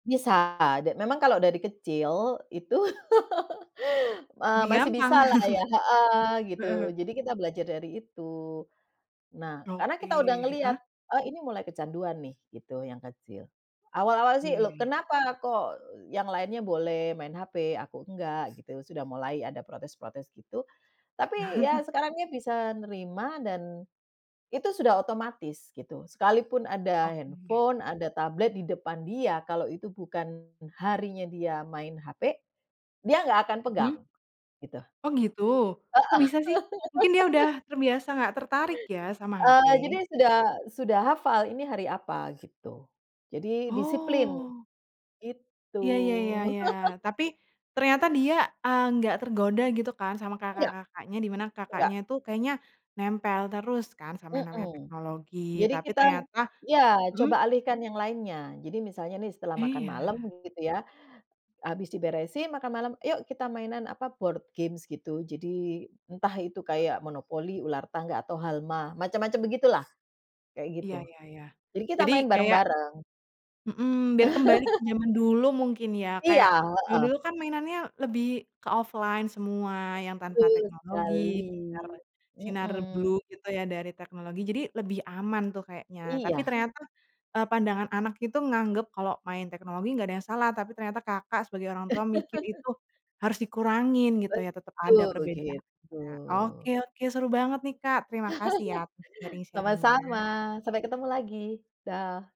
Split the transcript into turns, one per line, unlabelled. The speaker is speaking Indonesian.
Bisa, de memang kalau dari kecil, itu, eee,
Lebih
masih
gampang.
bisalah ya, heeh, gitu,
Heeh.
jadi kita belajar dari itu. Nah, karena kita udah
Oke,
ngelihat,
heeh.
"E ini mulai kecanduan nih," gitu, yang kecil. Awal-awal sih,
Iya iya
"Lo,
iya.
kenapa kok yang lainnya boleh main hape? Aku enggak?" Gitu, sudah mulai ada protes-protes gitu. Tapi, ya sekarang dia bisa nerima dan itu sudah otomatis, gitu. Sekalipun ada
Oke.
handphone, ada tablet di depan dia, kalau itu bukan harinya dia main hape, dia nggak akan pegang,
Mhm.
gitu.
Oh, gitu. Kok
Heeh.
bisa, sih? Mungkin dia udah terbiasa nggak tertarik ya, sama
Eee,
hape.
jadi dia sudah sudah hafal. "Ini hari apa?" Gitu. Jadi disiplin,
Oh.
gitu.
Iya iya iya iya. Tapi, ternyata dia, eee nggak tergoda, gitu kan, sama
Enggak.
kakak-kakaknya? Di mana
Enggak.
kakaknya tuh, kayaknya nempel terus, kan, sama yang namanya
Mhm.
teknologi.
Jadi
Tapi
kita
ternyata
iya,
mhm.
coba alihkan yang lainnya. Jadi misalnya nih, setelah makan malam, g
Iya.
gitu ya, habis diberesin makan malam, "Yuk, kita mainan," apa, board games gitu. Jadi, entah itu kayak monopoli, ular tangga, atau halma, macam-macam begitulah, kayak
Iya
gitu.
iya iya.
Jadi kita
Jadi,
main
kayak
bareng-bareng.
Mhm, biar kembali ke jaman dulu, mungkin ya. Kayak,
Iya,
jaman
heeh.
dulu kan, mainannya lebih ke offline semua, yang tanpa
Betul
teknologi,
sekali,
nar sinar
mhm.
blue gitu ya, dari teknologi. Jadi lebih aman tuh, kayaknya. Tapi
Iya.
ternyata, eee, pandangan anak itu nganggap, kalau main teknologi nggak ada yang salah. Tapi ternyata Kakak sebagai orang tua mikir, itu harus dikurangin gitu ya, tetep ada
Betul,
perbedaannya.
begitu.
Oke, oke, seru banget nih Kak, terima kasih ya untuk
Sama-sama,
sharing-sharing-nya.
sampai ketemu lagi, dah!